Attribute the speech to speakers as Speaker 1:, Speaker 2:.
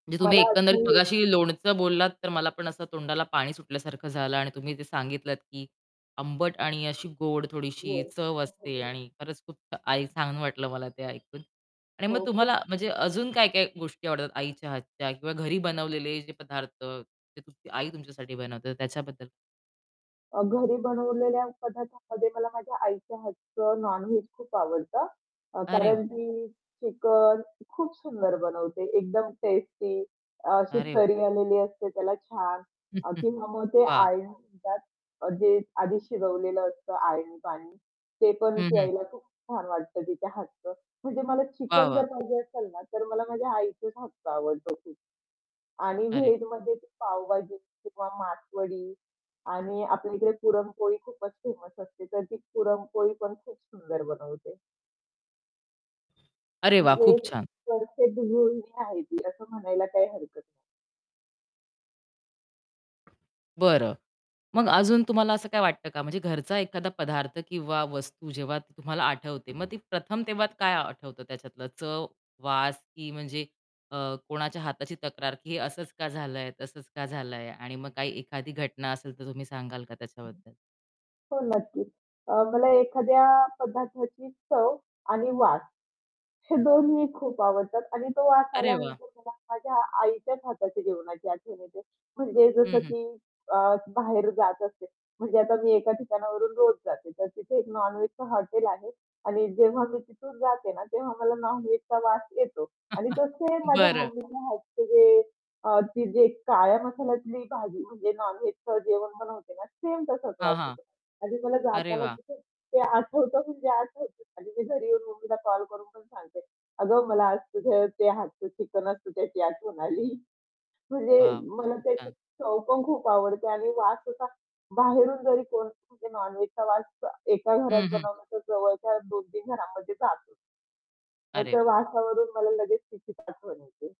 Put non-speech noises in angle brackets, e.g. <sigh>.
Speaker 1: म्हणजे तुम्ही
Speaker 2: मला
Speaker 1: एकंदरीत
Speaker 2: अशी ये
Speaker 1: मगाशी लोणचं बोललात तर मला पण असं तोंडाला पाणी सुटल्यासारखं झालं आणि तुम्ही जे सांगितलत की आंबट आणि अशी गोड
Speaker 2: हो.
Speaker 1: थोडीशी चव
Speaker 2: असू
Speaker 1: असते
Speaker 2: दे.
Speaker 1: आणि खरंच खूप आई छान वाटलं मला ते ऐकून. आणि
Speaker 2: हो,
Speaker 1: मग
Speaker 2: खूप
Speaker 1: तुम्हाला म्हणजे अजून काय-काय गोष्टी आवडतात आईच्या हातच्या किंवा घरी बनवलेले जे पदार्थ ते तुमची आई तुमच्यासाठी बनवते तर त्याच्याबद्दल
Speaker 2: अ, घरी बनवलेल्या पदार्थामध्ये मला माझ्या आईच्या हातचं नॉन-व्हेज खूप आवडतं. अ,
Speaker 1: अरे वाह!
Speaker 2: कारण की चिकन खूप सुंदर बनवते, एकदम टेस्टी अशी
Speaker 1: अरे वाह!
Speaker 2: तर्री आलेली असते त्याला छान. अ,
Speaker 1: <chuckles>
Speaker 2: किंवा मग ते
Speaker 1: वाह!
Speaker 2: आळणी म्हणतात अ, जे आधी शिजवलेलं असतं आळणी पाणी, ते पण
Speaker 1: हं, हं.
Speaker 2: प्यायला खूप छान वाटतं तिच्या हातचं. म्हणजे मला
Speaker 1: वाह,
Speaker 2: चिकन जर
Speaker 1: वाह!
Speaker 2: पाहिजे असेल ना, तर मला माझ्या आईच्याच हातचं आवडतं खूप. आणि
Speaker 1: अरे!
Speaker 2: व्हेजमध्ये ती पावभाजी किंवा मासवडी आणि आपल्या इकडे पुरणपोळी खूपच फेमस असते, तर ती पुरणपोळी पण खूप सुंदर बनवते.
Speaker 1: अरे वाह!
Speaker 2: म्हणजे
Speaker 1: खूप छान.
Speaker 2: परफेक्ट गृहिणी आहे ती असं म्हणायला काही हरकत नाही.
Speaker 1: बरं. मग अजून तुम्हाला असं काय वाटतं का? म्हणजे घरचा एखादा पदार्थ किंवा वस्तू जेव्हा तुम्हाला आठवते. मग ती प्रथम तेव्हा काय आठवतं त्याच्यातलं चव, वास की म्हणजे अ, कोणाच्या हाताची तक्रार की हे असंच का झालंय, तसंच का झालंय? आणि मग काही एखादी घटना असेल तर तुम्ही सांगाल का
Speaker 2: हं.
Speaker 1: त्याच्याबद्दल?
Speaker 2: हो, नक्कीच. अ, मला एखाद्या पदार्थाची चव आणि वास हे दोन्ही खूप आवडतात आणि तो वास
Speaker 1: अरे वाह!
Speaker 2: आल्यानंतर मला माझ्या आईच्याच हाताची जेवणाची आठवण येते म्हणजे
Speaker 1: हं,
Speaker 2: जसं
Speaker 1: हं.
Speaker 2: की अ, बाहेर जात असते. म्हणजे आता मी एका ठिकाणावरून रोज जाते, तर तिथे एक नॉन-व्हेजचं हॉटेल आहे आणि जेव्हा मी तिथून जाते ना, तेव्हा मला नॉन-व्हेज वास येतो आणि
Speaker 1: <chuckles>
Speaker 2: तो सेम माझ्या
Speaker 1: बरं.
Speaker 2: मम्मीच्या हातचं जे अ, ती जे काळ्या मसाल्यातली भाजी म्हणजे नॉन-व्हेजचं जेवण बनवते ना, सेम तसाच
Speaker 1: हां,
Speaker 2: वास
Speaker 1: हां.
Speaker 2: येतो आणि मला
Speaker 1: अरे
Speaker 2: जाताना
Speaker 1: वाह!
Speaker 2: तिथे ते आठवतं म्हणजे आठवतं आणि मी घरी येऊन ममीला कॉल करून पण सांगते, "अगं, मला आज तुझं ते हातचं चिकन असतं त्याची आठवण" "आली." म्हणजे
Speaker 1: वाह!
Speaker 2: मला
Speaker 1: खूप
Speaker 2: त्याची
Speaker 1: छान.
Speaker 2: चव पण खूप आवडते आणि वास असा बाहेरून जरी कोण म्हणजे नॉन-व्हेज वास अ, एका
Speaker 1: हं,
Speaker 2: घरात
Speaker 1: हं.
Speaker 2: बनवला तर जवळच्या 2-3 घरांमध्ये जातो. मग
Speaker 1: अरे
Speaker 2: त्या
Speaker 1: वाह!
Speaker 2: वासावरून मला लगेच तिचीच आठवण येते.